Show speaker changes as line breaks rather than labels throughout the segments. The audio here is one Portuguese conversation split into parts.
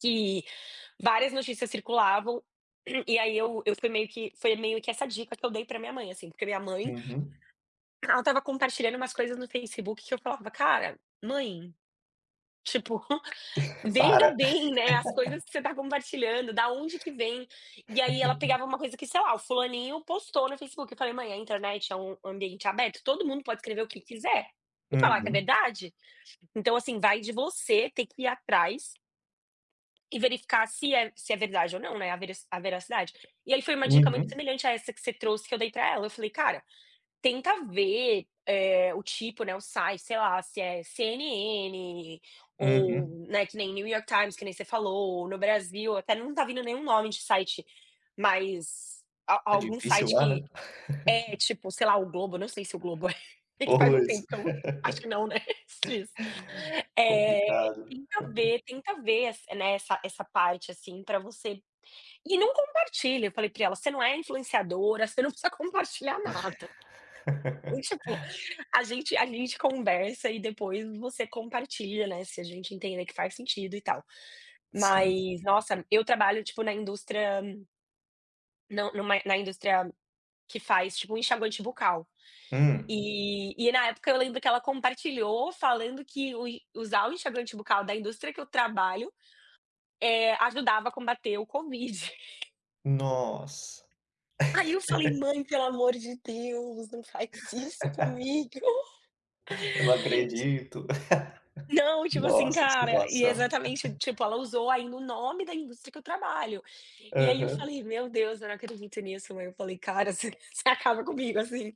Que várias notícias circulavam. E aí eu eu fui meio que foi meio que essa dica que eu dei pra minha mãe, assim. Porque minha mãe
Uhum.
ela estava compartilhando umas coisas no Facebook que eu falava: "Cara, mãe, tipo,
Para.
veja bem, né, as coisas que você tá compartilhando, da onde que vêm". E aí ela pegava uma coisa que, sei lá, o fulaninho postou no Facebook. Falei: "Mãe, a internet é um ambiente aberto, todo mundo pode escrever o que quiser e falar que é
Uhum.
verdade. Então, assim, vai de você ter que ir atrás e verificar se é se é verdade ou não, né, a verac a veracidade". E aí foi uma dica muito
Uhum.
semelhante a essa que você trouxe que eu dei para ela. Eu falei: "Cara, tenta ver, eh, o tipo, né, o site, sei lá, se é CNN, ou,
Uhum.
né, que nem New York Times, que nem você falou. No Brasil" até não tá vindo nenhum nome de site, mas a
É
algum
difícil
site
lá, né.
que é, tipo, sei lá o Globo. Não sei se o Globo é. É que faz um
Pois.
tempo, então. Acho que não, né, x. eh.
Complicado.
"Tenta ver tenta ver ess eh, né, essa essa parte, assim, pra você e não compartilha". Eu falei pra ela: "Você não é influenciadora. Você não precisa compartilhar nada". E tipo: "A gente a gente conversa e depois você compartilha, né, se a gente entenda que faz sentido e tal".
Sim.
Mas, nossa, eu trabalho, tipo, na indústria Não, numa na indústria que faz, tipo, um enxaguante bucal.
Hum.
E e na época eu lembro que ela compartilhou falando que o en usar o enxaguante bucal da indústria que eu trabalho, eh, ajudava a combater o Covid.
Nossa.
Aí eu falei: "Mãe, pelo amor de Deus, não faz isso comigo".
"Eu não acredito".
Não, tipo assim,
Nossa, que
cara e
situação.
exatamente. Tipo, ela usou ainda o nome da indústria que eu trabalho. E aí eu
Aham.
falei: "Meu Deus, eu não acredito nisso, mãe". Eu falei: "Cara, você você acaba comigo assim".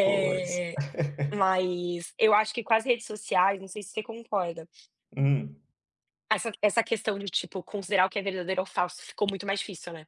Pois.
mas eu acho que com as redes sociais, não sei se você concorda
Hum.
Essa essa questão de, tipo, considerar o que é verdadeiro ou falso ficou muito mais difícil, né.